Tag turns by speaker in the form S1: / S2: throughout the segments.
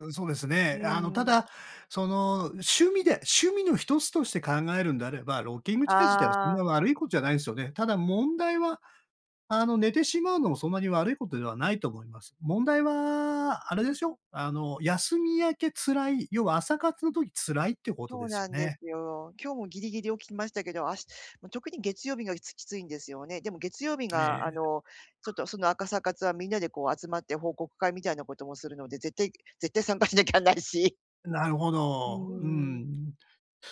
S1: うん、そうです
S2: うー
S1: ね。あのた
S2: ん。
S1: だ、その趣味で趣味の一つとして考えるんであれば、ロッキングチェア自体はそん
S2: あ
S1: な
S2: あ。
S1: 悪いことじゃないっすよね。ただ問題はあの寝てしまうのもそんなに悪いことではないと思います。問題はあれでしょ。あの休み明け辛い、要は朝活の時辛いってこと
S2: そ
S1: で
S2: う
S1: すよ
S2: なんで
S1: ね。
S2: すよ。今日もギリギリ起きましたけど、あし特に月曜日の日、つきついんですよね。でも月曜日
S1: え
S2: があ
S1: え。
S2: の、ちょっと、その朝活はみんなでこう集まって報告会みたいなこともするので、絶対絶対参加しなきゃないし。
S1: なるほ
S2: う
S1: ど。う
S2: ーん。
S1: ん。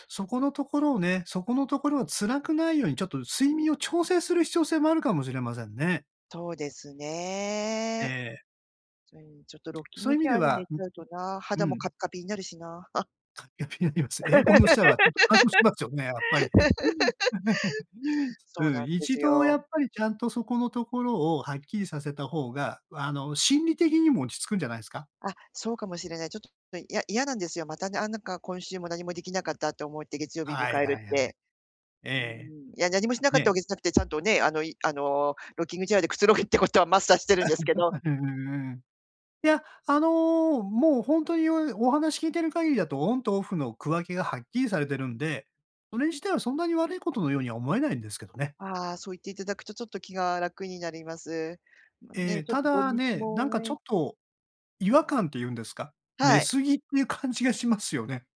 S1: そこのところをね、そこのところは辛くないようにちょっと睡眠を調整する必要性もあるかもしれませんね。
S2: そうです
S1: え
S2: ね。
S1: え。
S2: それに、ちょっとロッキン
S1: そうい
S2: グ
S1: う
S2: チ
S1: 意味
S2: ェ
S1: で
S2: アで
S1: は
S2: 寝ち
S1: う
S2: ゃ
S1: う。
S2: うとな、
S1: う
S2: 肌もカ
S1: ん。
S2: ピカピになるしな。
S1: カッピカピになります。エアコンの下はちょっと乾燥しますよね、やっぱり。え、うん。
S2: そう
S1: う
S2: な
S1: ん。
S2: んで
S1: 一
S2: す
S1: 度
S2: よ。
S1: やっぱりちゃんとそこのところをはっきりさせた方が、あの心理的にも落ち着くんじゃないすか？
S2: あ、そうかもしれない。ちょ、嫌嫌なんですよ。またね、あ、なんか今週も何もできなかった。と思って月曜日迎
S1: はい
S2: え
S1: は
S2: る
S1: い
S2: っ
S1: はい。
S2: て。
S1: え
S2: うーん。
S1: え。
S2: いや、何もしなかった
S1: ね。
S2: わけじゃなくて、ちゃんとね、あの、いあの、ロッキングチェアでくつろぐってことはマスターしてるんですけど。
S1: うんうんうん。いや、あの、もう本当に、おお話聞いてる限りだと、オンとオフの区分けがはっきりされてるんで、それ自体はそんなに悪いことのようには思えないんですけどね。
S2: ああ、そう言っていただくとちょっと気が楽になります。まあ、
S1: え
S2: ね、
S1: え。
S2: ちょっ
S1: た
S2: と土
S1: だ
S2: 日
S1: ね、
S2: も
S1: なんかちょっ
S2: ね
S1: と違和感っていうんですか。寝
S2: はい。
S1: 過ぎっていう感じがしますよね。